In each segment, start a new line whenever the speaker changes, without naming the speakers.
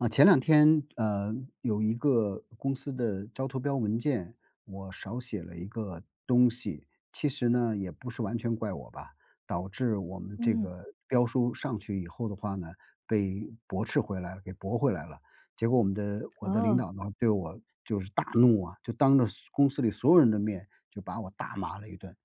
啊，前两天，呃，有一个公司的招投标文件，我少写了一个东西，其实呢，也不是完全怪我吧，导致我们这
嗯。
个标书上去以后的话呢，被驳斥回来给驳回来了，结果我们的我的领
哦。
导呢，对我就是大怒啊，就当着所公司里所有人的面，就把我大骂了一顿，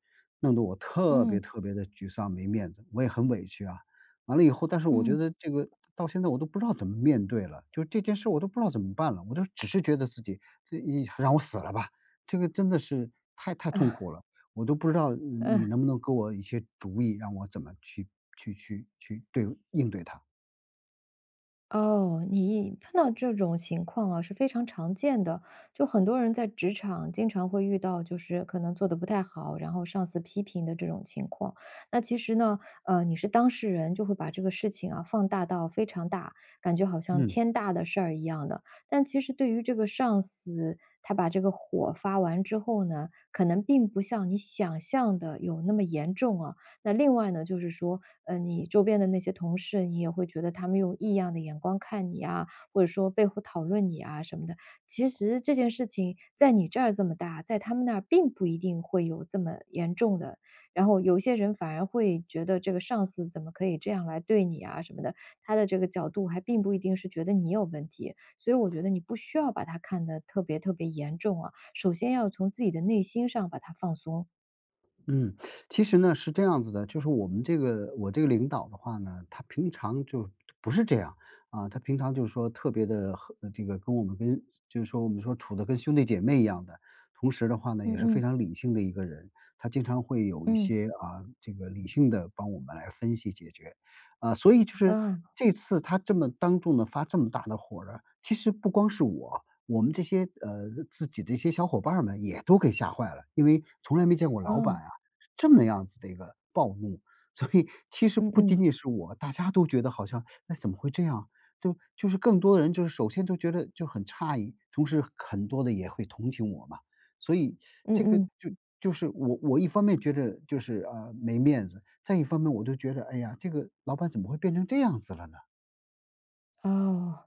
弄得我特别
嗯。
特别地沮丧，没面子，我也很委屈啊。完了以后但是我觉
嗯。
得这个到现在我都不知道怎么面对了，就这件事儿我都不知道怎么办了，我就只是觉得自己一让我死了吧，这个真的是太太痛
啊。
苦了，我都不知道，呃，你
嗯。
能不能给我一些主意，让我怎么去去去去对应对它。
哦，你碰到这种情况啊，是非常常见的，就很多人在职场经常会遇到，就是可能做得不太好，然后上司批评的这种情况。那其实呢，呃，你是当事人，就会把这个事情啊，放大到非常大，感觉好像
嗯。
天大的事儿一样的，但其实对于这个上司，他把这个火发完之后呢，可能并不像你想象的有那么严重啊。那另外呢，就是说，嗯，你周边的那些同事，也会觉得他们用异样的眼光看你呀，或者说背后讨论你呀什么的。其实这件事情在你这儿这么大，在他们那儿并不一定会有这么严重的然后有些人反而会觉得，这个上司怎么可以这样来对你啊什么的，他的这个角度还并不一定是觉得你有问题。所以我觉得你不需要把它看得特别特别严重啊，首先要从自己的内心上把它放松。
嗯，其实呢，是这样子的。就是我们这个我这个领导的话呢，他平常就不是这样，啊，他平常就是说特别地和这个跟我们跟就是说我们说处得跟兄弟姐妹一样的，同时的话呢，
嗯
也是非
嗯。
常理性的一个人。他经常会有一
嗯。
些啊，这个理性地帮我们来分析解决。啊，所以就是
嗯。
这次他这么当众地发这么大的火儿啊，其实不光是我，我们这些呃，自己的一些小伙伴儿们也都给吓坏了。因为从来没见过老板
嗯。
啊，这么样子的一个暴怒。所以其实
嗯
不仅
嗯。
仅是我，大家都觉得好像，哎，怎么会这样？对吧，就是更多的人就是首先都觉得就很诧异，同时很多的也会同情我嘛。所以
嗯
这个
嗯。
就就是我我一方面觉着就是，呃，没面子，再一方面我就觉着，哎呀，这个老板怎么会变成这样子了呢？
哦，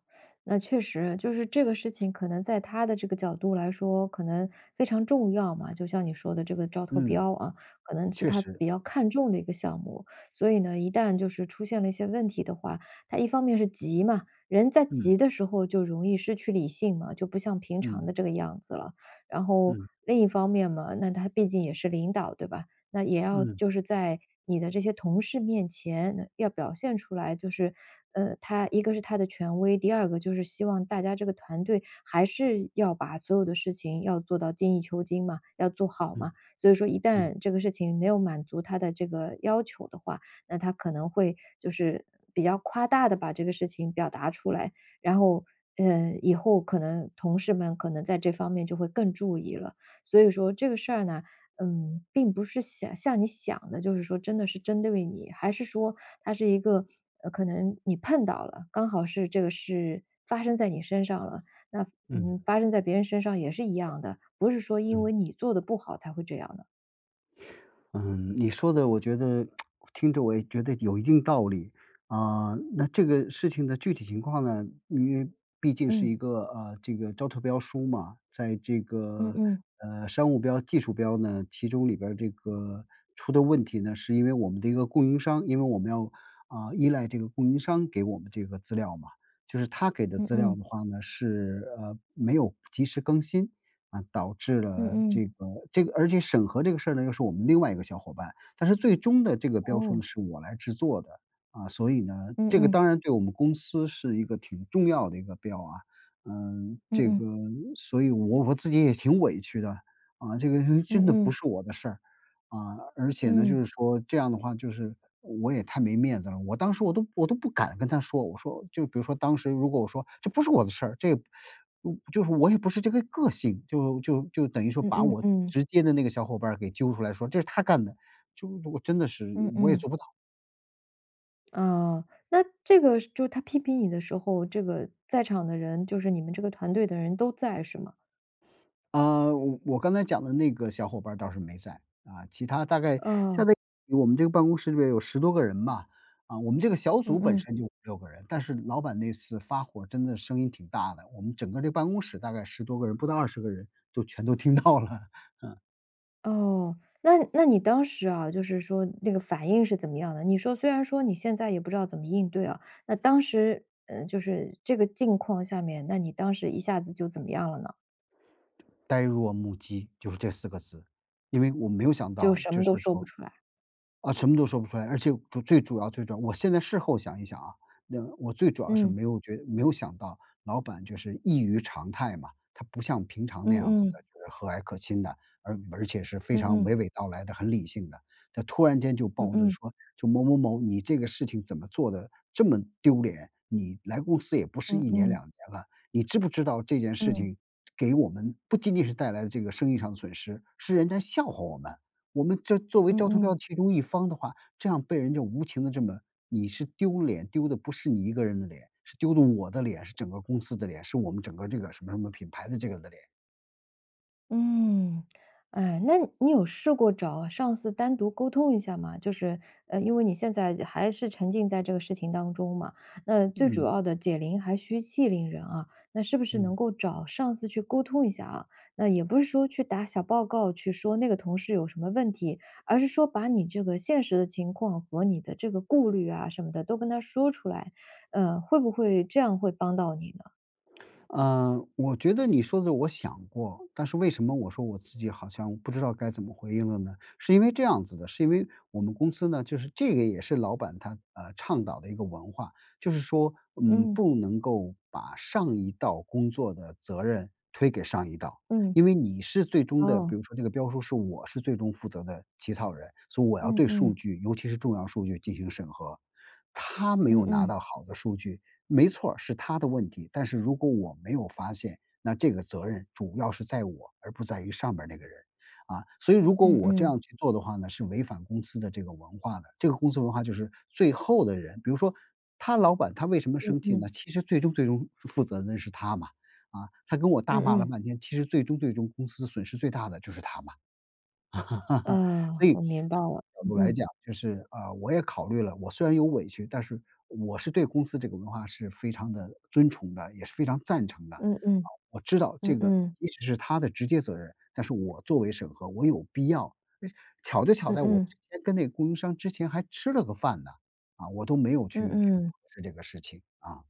那确实，就是这个事情可能在他的这个角度来说，可能非常重要嘛，就像你说的这个招投
嗯。
标，啊，可能是
确
他
实。
比较看重的一个项目。所以呢，一旦就是出现了一些问题的话，他一方面是急嘛，人在
嗯。
急的时候就容易失去理性嘛，就不像平常的
嗯。
这个样子了。然后，
嗯。
另一方面嘛，那他毕竟也是领导，对吧？那也要
嗯。
就是在你的这些同事面前，要表现出来就是，嗯，他一个是他的权威，第二个就是希望大家这个团队，还是要把所有的事情要做到精益求精嘛，要做好
嗯
嘛。所以说一
嗯。
旦这个事情，没有满足他的这个要求的话，那他可能会就是比较夸大地把这个事情表达出来。然后嗯，以后可能同事们可能在这方面就会更注意了。所以说这个事儿呢，嗯，并不是想像你想的，就是说真的是针对你，还是说，它是一个，呃，可能你碰到了，刚好是这个事发生在你身上了。那，
嗯。
嗯，发生在别人身上也是一样的，不是说因为
嗯。
你做得不好才会这样的。
嗯，你说的我觉得 听着我也觉得有一定道理，啊，那这个事情的具体情况呢，因为毕竟是
嗯。
一个，啊，这个招投标书嘛，在这
嗯
个，
嗯。
呃，商务标技术标呢，其中里边儿这个出的问题呢，是因为我们的一个供应商，因为我们要，啊，依赖这个供应商给我们这个资料嘛，就是他给的
嗯
资料
嗯。
的话呢，是，呃，没有及时更新，啊，导致了
嗯嗯。
这个这个而且审核这个事儿呢，又是我们另外一个小伙伴，但是最终的这个标书
哦。
呢，是我来制作的。啊，所以呢
嗯
这个
嗯。
当然对我们公司是一个挺重要的一个标啊，嗯，
嗯
这个
嗯。
所以我我自己也挺委屈的，啊，这个呃，
嗯
真的不
嗯。
是我的事儿，啊，而且呢，就
嗯。
是说这样的话，就是我也太没面子了，我当时我都我都不敢跟他说，我说就比如说当时如果我说“这不是我的事”，这也 我就是我也不是这个个性，就就就等于说
嗯
把
嗯，
我
嗯。
直接的那个小伙伴儿给揪出来，说：“这是他干的”，就我真的是
嗯
我也
嗯。
做不到。
呃，那这个就他批评你的时候，这个在场的人就是你们这个团队的人都在，是吗？
嗯，我我刚才讲的那个小伙伴儿倒是没在，啊，其他大概
哦。
加在一起我们这个办公室里边有10多个人吧，啊，我们这个小组
嗯
本
嗯。
身就5-6个人。但是老板那次发火，真的声音挺大的，我们整个这办公室大概10多个人，不到20个人，都全都听到了。嗯。
哦，那那你当时啊，就是说那个反应是怎么样的？你说虽然说你现在也不知道怎么应对啊，那当时嗯，就是这个境况下面，那你当时一下子就怎么样了呢？
呆若木鸡，就是这4个字。因为我没有想
就
到
什
就
么都
是
说不
说
出来。
啊，什么都说不出来。而且主最主要最主要我现在事后想一想啊，那我最主要是
嗯。
没有觉没有想到老板就是异于常态嘛，他不像平常那
嗯
样子的，
嗯。
就是和蔼可亲的，而而且是非
嗯
常
嗯。
娓娓道来的，很理性的，他突然间就
嗯
暴怒
嗯。
说：“就某某某，你这个事情怎么做的这么丢脸？你来公司也不是
嗯
1年、
嗯。
2年了，你知不知道这件事
嗯。
情给我们不仅仅是带来这个生意上的损失，是人家笑话我们。我们这作为
嗯
招投标
嗯。
其中一方的话，这样被人家无情地这么你是丢脸丢的不是你一个人的脸，是丢的我的脸，是整个公司的脸，是我们整个这个什么什么品牌的这个人的脸。”
嗯。哎，那你有试过找上司单独沟通一下吗？就是呃，因为你现在还是沉浸在这个事情当中嘛，那最主
嗯。
要的，解铃还需系铃人啊。那是不是
嗯。
能够找上司去沟通一下啊？那也不是说去打小报告，去说那个同事有什么问题，而是说把你这个现实的情况，和你的这个顾虑啊什么的都跟他说出来，呃，会不会这样会帮到你呢？
嗯，我觉得你说的我想过，但是为什么我说我自己好像不知道该怎么回应了呢？是因为这样子的，是因为我们公司呢就是这个也是老板他，啊，倡导的一个文化。就是说，嗯，
嗯。
不能够把上一道工作的责任，推给上一道，
嗯。
因为你是最终的比
哦。
如说这个标书，是我是最终负责的起草人，所以我要
嗯
对数
嗯。
据尤其是重要数据进行审核。他没
嗯
有拿到
嗯。
好的数据，没错儿，是他的问题，但是如果我没有发现，那这个责任主要是在我，而不在于上边儿那个人。啊，所以如果
嗯
我这样
嗯。
去做的话呢，是违反公司的这个文化的，这个公司文化就是最后的人比如说他老板他为什么
嗯
生气呢，
嗯。
其实最终最终负负责的人是他嘛，啊，他跟我大
嗯
骂了
嗯。
半天，其实最终最终公司损失最大的就是他嘛，啊，所
呃，
以
我明白
从
了，
某种角
嗯
度来
嗯。
讲就是，啊，我也考虑了，我虽然有委屈，但是我是对公司这个文化是非常地尊崇的，也是非常赞成的。啊，
嗯嗯。
我知道这
嗯
个
嗯。
即使是他的直接责任，但是我作为审核我有必要诶，巧就巧
嗯
在我
嗯。
之前跟那个供应商之前还吃了个饭呢，啊，我都没有
嗯
去去
嗯。
核实这个事情，啊。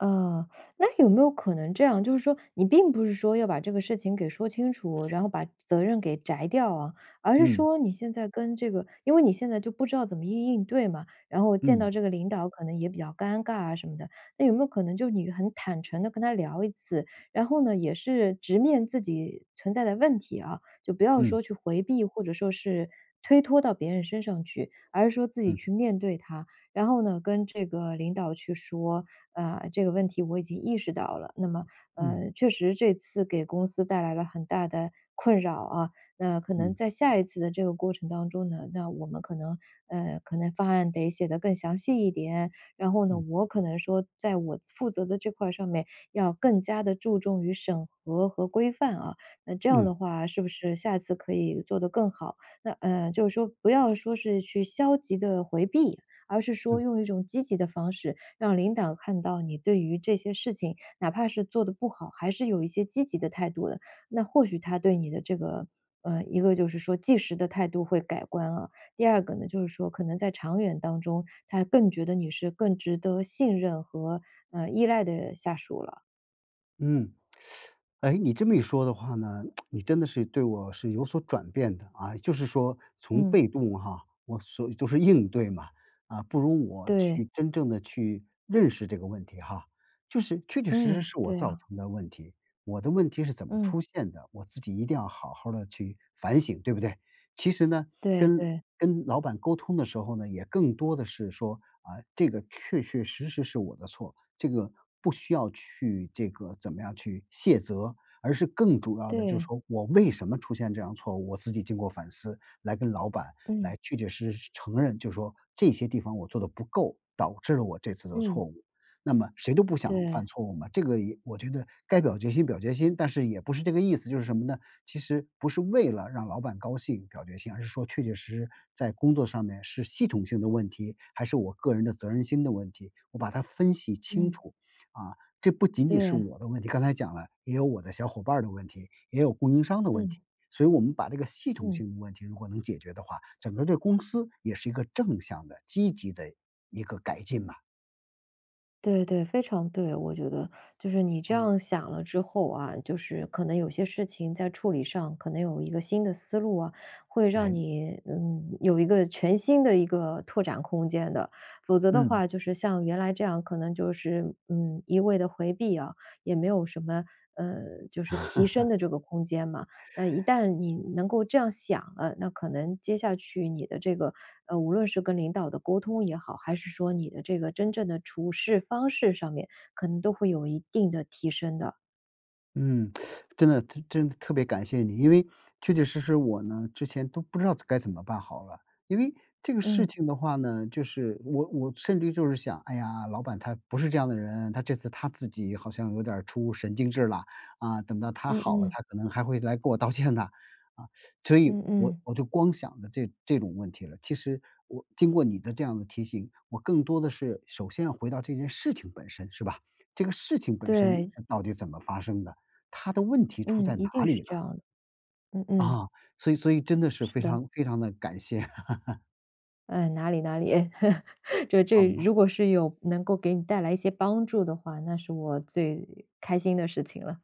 啊，那有没有可能这样，就是说你并不是说要把这个事情给说清楚，然后把责任给摘掉啊，而是
嗯。
说你现在跟这个因为你现在就不知道怎么应应对嘛，然后见到这
嗯。
个领导，可能也比较尴尬啊什么的。那有没有可能就你很坦诚地跟他聊一次，然后呢，也是直面自己存在的问题啊，就不要
嗯。
说去回避，或者说是推托到别人身上去，而是说自己
嗯。
去面对它，然后呢，跟这个领导去说：“啊，这个问题我已经意识到了，那么，
嗯。
嗯，确实这次给公司带来了很大的困扰，啊，那可能
嗯。
在下一次的这个过程当中呢，那我们可能嗯，可能方案得写得更详细一点，然后呢，
嗯。
我可能说在我负责的这块儿上面，要更加地注重于审核和规范啊，那这样
嗯。
的话，是不是下一次可以做得更好？”那呃，就是说不要说是去消极地回避，而是说
嗯。
用一种积极的方式，让领导看到你对于这些事情，哪怕是做得不好，还是有一些积极的态度的，那或许他对你的这个嗯，一个就是说即时的态度会改观啊，第二个呢，就是说可能在长远当中，他更觉得你是更值得信任和，嗯，依赖的下属了。
嗯。哎，你这么一说的话呢，你真的是对我是有所转变的啊，就是说从
嗯。
被动哈，我所就是应对嘛，啊，不如我
对。
去真正地去认识这个问题哈，就是确确实实
嗯，
是我
对
造
啊。
成的问题。我的问题是怎么
嗯。
出现的，我自己一定要好好地去反省，对不对？其实呢，
对，
跟
对。
跟老板沟通的时候呢，也更多地是说，啊，这个确确实实是我的错，这个不需要去这个怎么样去卸责，而是更主要地就是
对。
说，我为什么出现这样的错误，我自己经过反思来跟老板来
嗯。
确确实实承认，就说“这些地方我做得不够，导致了我这次的
嗯。
错误。”那么谁都不想
对。
犯错误嘛，这个也我觉得该表决心，表决心。但是也不是这个意思，就是什么呢，其实不是为了让老板高兴表决心，而是说确确实实，在工作上面是系统性的问题，还是我个人的责任心的问题，我把它分析清
嗯。
楚。啊，这不仅仅是
对。
我的问题，刚才讲了，也有我的小伙伴儿的问题，也有供应商的问题，
嗯。
所以我们把这个系统
嗯。
性的问题如果能解决的话，整个儿这公司也是一个正向的、积极的一个改进嘛。
对对对，非常对，我觉得。就是你这
嗯。
样想了之后啊，就是可能有些事情在处理上，可能有一个新的思路啊，会让
诶。
你，嗯，有一个全新的一个拓展空间的。否则的
嗯。
话，就是像原来这样，可能就是，嗯，一味地回避啊，也没有什么呃，就是提升 的这个空间嘛。那一旦你能够这样想了，那可能接下去你的这个，呃，无论是跟领导的沟通也好，还是说你的这个真正的处事方式上面，可能都会有一定的提升的。
嗯，真的，真真的特别感谢你。因为确确实实我呢，之前都不知道该怎么办好了。因为这个事
嗯。
情的话呢，就是我我甚至于就是想，哎呀，老板他不是这样的人，他这次他自己好像有点儿出神经质啦。啊，等到他
嗯
好了，
嗯。
他可能还会来跟我道歉的。啊，所以
嗯
我
嗯。
我就光想着这这种问题了，其实我经过你的这样的提醒，我更多的是首先要回到这件事情本身，是吧？这个事情本身
对。
到底是怎么发生的？它的问题出
嗯，
在
一
哪
定是
里
这
了？
样的。嗯嗯。
嗯，所以所以真的是
是
非
的。
常非常地感谢。
嗯，哪里哪里 就
好
这
呢。
如果是有能够给你带来一些帮助的话，那是我最开心的事情了。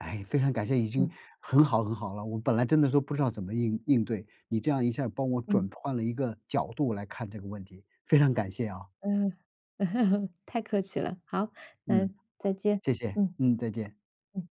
哎，非常感谢，已经
嗯。
很好很好了。我本来真的都不知道怎么应应对，你这样一下儿帮我
嗯。
转换了一个角度来看这个问题，非常感谢啊。
嗯。太客气了，好。那
嗯，
再见，
谢谢，
嗯，
嗯，再见。
嗯。